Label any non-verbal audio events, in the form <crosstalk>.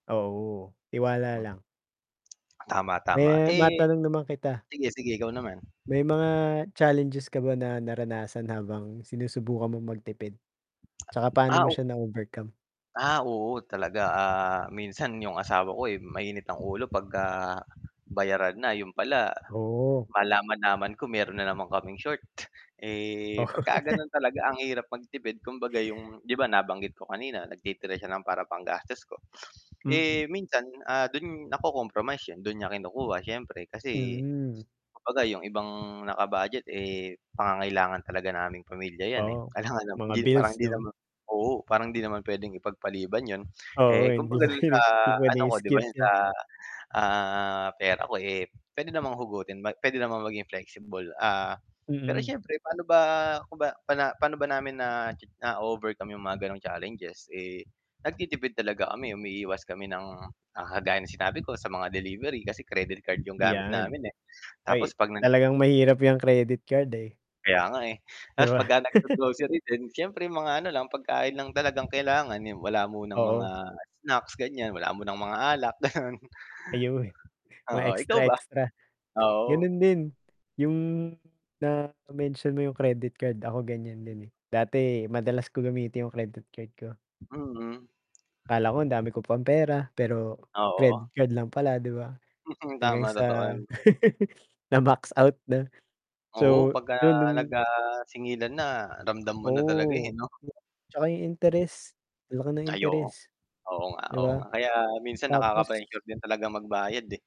Oo, tiwala Hmm, lang. tama, tama, Eh, eh matanong naman kita. sige, sige ikaw naman. May mga challenges ka ba na naranasan habang sinusubukan mong magtipid? 'Tsaka paano Ah mo o siya na overcome? Ah, oo talaga, ah, minsan 'yung asawa ko, eh, mainit ang ulo 'pagka bayaran na, 'yon pala Oo. malaman-laman ko meron na naman kaming short. Eh, Oh. pagka <chuckles> gano'n talaga ang hirap magtipid, kumbaga 'yung 'di ba, nabanggit ko kanina nagtitira siya ng para panggastos ko. <sniffs> Mm. Eh, minsan, ah, do'n nako-compromise 'yon do'n niya kinukuha siyempre kasi Mm. kumbaga 'yung ibang naka-budget, eh, pangangailangan talaga naming pamilya 'yan, eh. Oo, Kailangan ng mga hindi parang bills hindi 'no? naman oo, parang hindi naman puwedeng ipagpaliban 'yon, Oo, eh, hindi kumbaga do'n sa puwede, hindi ano puwedeng ko 'di ba, i-skip 'yon sa, 'yan. ah, pera ko, eh, puwede namang hugutin ma puwede namang maging flexible. Ah, pero Mm. siyempre pa'no ba kung ba paano ba namin na cha na-o-overcome 'yung mga gano'ng challenges, eh, nagtitipid talaga kami, umiiwas kami ng, ah, kagaya ng sinabi ko sa mga delivery kasi credit card 'yung gamit Ayan. namin, eh. Tapos Ay, 'pag nag talagang mahirap 'yang credit card, eh. Kaya nga, eh, Di ta's ba? pagka <chuckles> nag-go-grocery din siyempre mga ano lang pagkain lang talagang kailangan, ni wala munang mga Oo. snacks ganiyan, wala munang mga alak gano'n. Ayon, mga Oo, ikaw ba? extra-extra. Oo. Gano'n din 'yung na-mention mo 'yung credit card, ako ganiyan din, eh. Dati madalas ko gamitin 'yung credit card ko. Mm. Akala ko ang dami ko pang pera pero Oo. credit card lang pala 'di ba? Mm, Hanggang tama, totoo sa 'yon. <chuckles> <sniffs> na-max out na. <sniffs> Oo, So, pagka 'yun nag, nung ah, singilan na ramdam mo na talaga, eh, Oo, 'no. 'tsaka 'yung interes, ang laki ng Ay, oo. interes. Oo nga 'Di oo ba? nga, kaya minsan Tapos nakaka-pressure din talagang magbayad, eh.